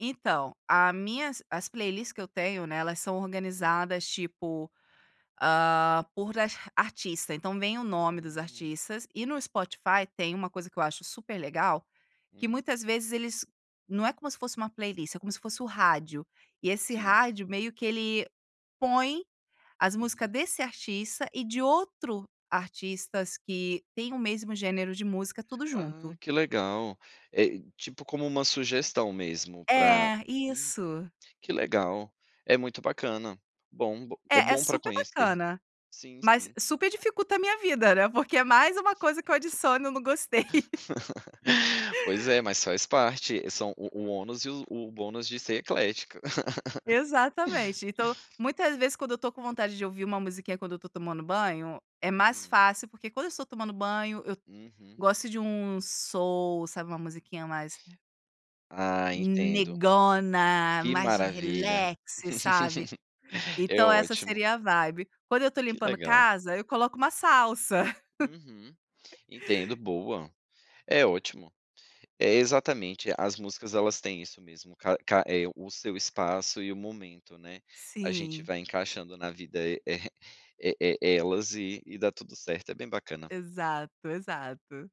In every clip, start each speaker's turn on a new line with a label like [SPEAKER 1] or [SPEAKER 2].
[SPEAKER 1] Então, a minhas as playlist que eu tenho, né, elas são
[SPEAKER 2] Uhum.
[SPEAKER 1] organizadas, tipo, hã, por art artista, então, vem o nome dos
[SPEAKER 2] Hum.
[SPEAKER 1] artistas, e no Spotify, tem uma coisa que eu acho super legal, que
[SPEAKER 2] Hum.
[SPEAKER 1] muitas vezes eles não é como se fosse uma playlist, é como se fosse o rádio, e esse
[SPEAKER 2] Sim.
[SPEAKER 1] rádio, meio que ele põe as música
[SPEAKER 2] Uhum.
[SPEAKER 1] desse artista e de outro artistas que têm o mesmo gênero de música, tudo
[SPEAKER 2] Ah,
[SPEAKER 1] junto.
[SPEAKER 2] que legal. É, tipo, como um sugestão mesmo pra
[SPEAKER 1] É,
[SPEAKER 2] hum,
[SPEAKER 1] isso.
[SPEAKER 2] que legal, é muito bacana. Bom b é
[SPEAKER 1] É, é
[SPEAKER 2] bom para
[SPEAKER 1] super
[SPEAKER 2] conhecer.
[SPEAKER 1] bacana,
[SPEAKER 2] Sim,
[SPEAKER 1] mas
[SPEAKER 2] sim.
[SPEAKER 1] super dificulta a minha vida, né, porque é mais uma coisa que eu adiciono e eu não gostei.
[SPEAKER 2] Pois é, mas faz parte, são o o ônus e os o bônus de ser eclética.
[SPEAKER 1] Exatamente, então, muitas vezes quando eu tô com vontade de ouvir uma musiquinha, quando eu estou tomando banho, é mais
[SPEAKER 2] Hum.
[SPEAKER 1] fácil, porque quando eu estou tomando banho, eu
[SPEAKER 2] Uhum.
[SPEAKER 1] gosto de um soul, sabe, uma musiquinha mais
[SPEAKER 2] Ah, entendo.
[SPEAKER 1] "negona",
[SPEAKER 2] Que
[SPEAKER 1] mais
[SPEAKER 2] maravilha.
[SPEAKER 1] relax, sabe.
[SPEAKER 2] É
[SPEAKER 1] Então essa
[SPEAKER 2] ótimo.
[SPEAKER 1] seria a vibe. Quando eu estou
[SPEAKER 2] Que
[SPEAKER 1] limpando
[SPEAKER 2] legal.
[SPEAKER 1] casa, eu coloco uma salsa.
[SPEAKER 2] Uhum. Entendo. Boa. É ótimo. É, exatamente, as músicas, elas têm isso mesmo, ca ca é, o seu espaço e o momento, né. A gente
[SPEAKER 1] Sim.
[SPEAKER 2] vai encaixando na vida e, eh, é é elas e e dá tudo certo, é bem bacana.
[SPEAKER 1] Exato, exato.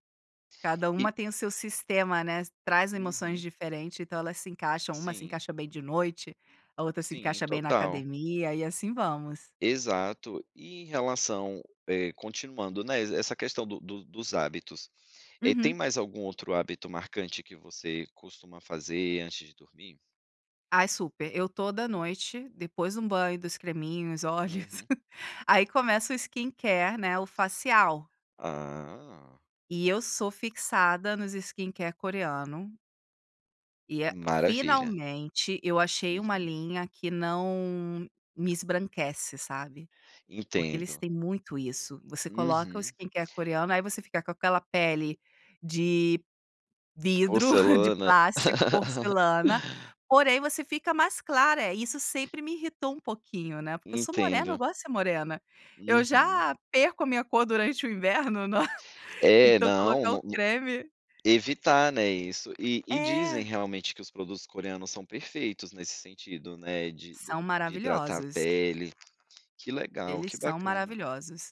[SPEAKER 1] Cada
[SPEAKER 2] E
[SPEAKER 1] uma tem o seu sistema, né, traz emoções
[SPEAKER 2] Uhum.
[SPEAKER 1] diferente, então elas se encaixam, uma se
[SPEAKER 2] Sim.
[SPEAKER 1] encaixa bem de noite, a outra se
[SPEAKER 2] Sim,
[SPEAKER 1] encaixa bem na
[SPEAKER 2] total.
[SPEAKER 1] academia, e assim vamos.
[SPEAKER 2] Exato, e em relação eh, continuando, né, essa questão do do dos hábitos, eh, tem
[SPEAKER 1] Uhum.
[SPEAKER 2] mais algum outro hábito marcante que você costuma fazer antes de dormir?
[SPEAKER 1] Ai super, eu toda noite, depois de um banho, dos creminhos, olhos,
[SPEAKER 2] Uhum.
[SPEAKER 1] aí começa o skincare, né, o facial.
[SPEAKER 2] Ah.
[SPEAKER 1] E eu sou fixada nos skincare coreano e é
[SPEAKER 2] Maravilha.
[SPEAKER 1] finalmente, eu achei uma
[SPEAKER 2] Uhum.
[SPEAKER 1] linha que não me esbranquece, sabe. Porque eles
[SPEAKER 2] Entendo.
[SPEAKER 1] têm muito isso, você coloca o
[SPEAKER 2] Uhum.
[SPEAKER 1] skincare coreano, aí você fica com aquela pele de vidro, de
[SPEAKER 2] Porcelana.
[SPEAKER 1] plástico, porcelana, porém você fica mais clara, isso sempre me irritou um pouquinho, né, porque eu sou morena, eu
[SPEAKER 2] Entendo.
[SPEAKER 1] gosto de ser morena, eu
[SPEAKER 2] Uhum.
[SPEAKER 1] já perco a minha cor durante o inverno,
[SPEAKER 2] É,
[SPEAKER 1] então
[SPEAKER 2] não,
[SPEAKER 1] colocar o
[SPEAKER 2] nu nu
[SPEAKER 1] creme
[SPEAKER 2] evitar, né, isso, e e dizem,
[SPEAKER 1] É.
[SPEAKER 2] realmente, que os produtos coreanos são perfeitos nesse sentido, né, de
[SPEAKER 1] São
[SPEAKER 2] de hidratar a
[SPEAKER 1] maravilhosos.
[SPEAKER 2] pele. Que legal,
[SPEAKER 1] Eles
[SPEAKER 2] que
[SPEAKER 1] são
[SPEAKER 2] bacana
[SPEAKER 1] maravilhosos.